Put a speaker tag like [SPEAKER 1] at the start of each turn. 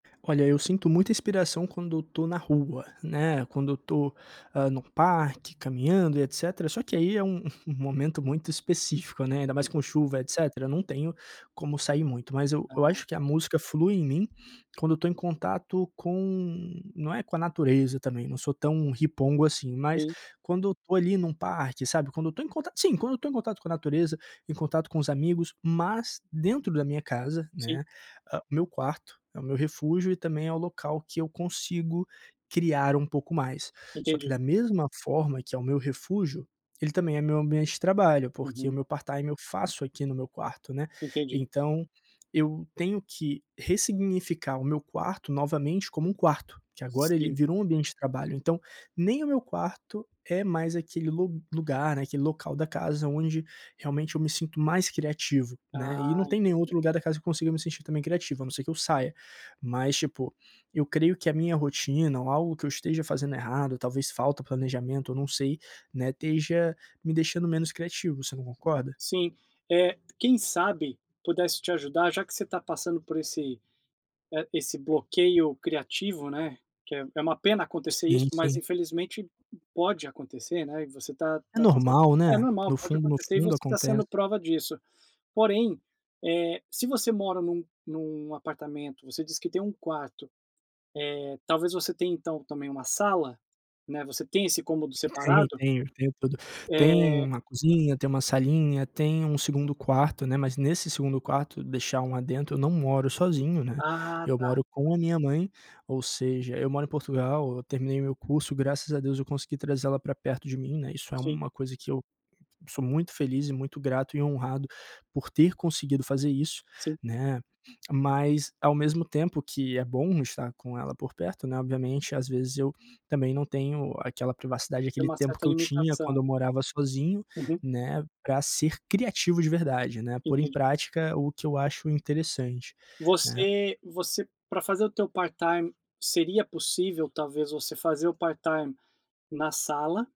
[SPEAKER 1] Olha, eu sinto muita inspiração quando eu estou na rua, né, quando eu estou, ah, num parque, caminhando e etcétera. Só que aí é um um momento muito específico, né, ainda
[SPEAKER 2] E
[SPEAKER 1] mais com
[SPEAKER 2] vo
[SPEAKER 1] chuva e etcétera, não tenho como sair muito, mas eu
[SPEAKER 2] Ah,
[SPEAKER 1] eu acho que a
[SPEAKER 2] tá.
[SPEAKER 1] música flui em mim quando eu estou em contato com não é com a natureza também, eu não sou tão ripongo assim, mas
[SPEAKER 2] Sim.
[SPEAKER 1] quando eu estou ali num parque, sabe? Quando eu estou em contato, sim, quando eu estou em contato com a natureza, em contato com os amigos, mas dentro da minha casa,
[SPEAKER 2] Sim.
[SPEAKER 1] né, hã meu quarto é o meu refúgio e também é o local que eu consigo criar um pouco mais. Só que
[SPEAKER 2] Entendi.
[SPEAKER 1] da mesma forma que é o meu refúgio, ele também é meu ambiente de trabalho, porque o
[SPEAKER 2] Uhum.
[SPEAKER 1] meu part-time eu faço aqui no meu quarto, né,
[SPEAKER 2] Entendi.
[SPEAKER 1] então, eu tenho que ressignificar o meu quarto novamente como um quarto, que agora ele
[SPEAKER 2] Sim.
[SPEAKER 1] virou um ambiente de trabalho. Então, nem o meu quarto é mais aquele lu lugar, né, aquele local da casa onde realmente eu me sinto mais criativo, né. E
[SPEAKER 2] Ah,
[SPEAKER 1] não tem nenhum
[SPEAKER 2] entendi.
[SPEAKER 1] outro lugar da casa que eu consiga me sentir também criativo, a não ser que eu saia. Mas tipo, eu creio que a minha rotina ou algo que eu esteja fazendo errado, talvez falta planejamento, eu não sei, né, esteja me deixando menos criativo. Você não concorda?
[SPEAKER 2] Sim, eh, quem sabe, pudesse te ajudar, já que você está passando por esse, eh, esse bloqueio criativo, né, que é uma pena acontecer
[SPEAKER 1] Sim,
[SPEAKER 2] isso, mas
[SPEAKER 1] sim.
[SPEAKER 2] infelizmente p pode acontecer, né, e você está
[SPEAKER 1] É
[SPEAKER 2] está sen
[SPEAKER 1] normal,
[SPEAKER 2] É
[SPEAKER 1] né?
[SPEAKER 2] normal,
[SPEAKER 1] No
[SPEAKER 2] pode
[SPEAKER 1] fundo, no
[SPEAKER 2] acontecer e
[SPEAKER 1] fundo
[SPEAKER 2] você está
[SPEAKER 1] acontece.
[SPEAKER 2] sendo prova disso. Porém, eh, se você mora num num apartamento, você diz que tem 1 quarto, eh, talvez você tenha então, também, 1 sala, né, você tem esse cômodo
[SPEAKER 1] Tem,
[SPEAKER 2] separado?
[SPEAKER 1] tenho, tenho tudo: tem
[SPEAKER 2] Eh.
[SPEAKER 1] 1 cozinha, tem 1 salinha, tem 1 2º quarto, né, mas nesse 2º quarto Deixar um adendo: eu não moro sozinho, né,
[SPEAKER 2] Ah,
[SPEAKER 1] eu
[SPEAKER 2] tá.
[SPEAKER 1] moro com a minha mãe, ou seja, eu moro em Portugal, eu terminei o meu curso. Graças a Deus eu consegui trazer ela para perto de mim, né, isso é
[SPEAKER 2] Sim.
[SPEAKER 1] 1 coisa que eu sou muito feliz e muito grato e honrado por ter conseguido fazer isso,
[SPEAKER 2] Sim.
[SPEAKER 1] né? Mas ao mesmo tempo que é bom estar com ela por perto, né, obviamente, às vezes eu também não tenho aquela privacidade,
[SPEAKER 2] Tem
[SPEAKER 1] aquele
[SPEAKER 2] uma
[SPEAKER 1] tempo
[SPEAKER 2] certa
[SPEAKER 1] que eu tinha quando
[SPEAKER 2] limitação.
[SPEAKER 1] eu morava sozinho,
[SPEAKER 2] Uhum.
[SPEAKER 1] né, para ser criativo de verdade, né, pôr em
[SPEAKER 2] Entendi.
[SPEAKER 1] prática o que eu acho interessante, né?
[SPEAKER 2] Você você, para fazer o teu part-time, seria possível, talvez, você fazer o part-time na sala?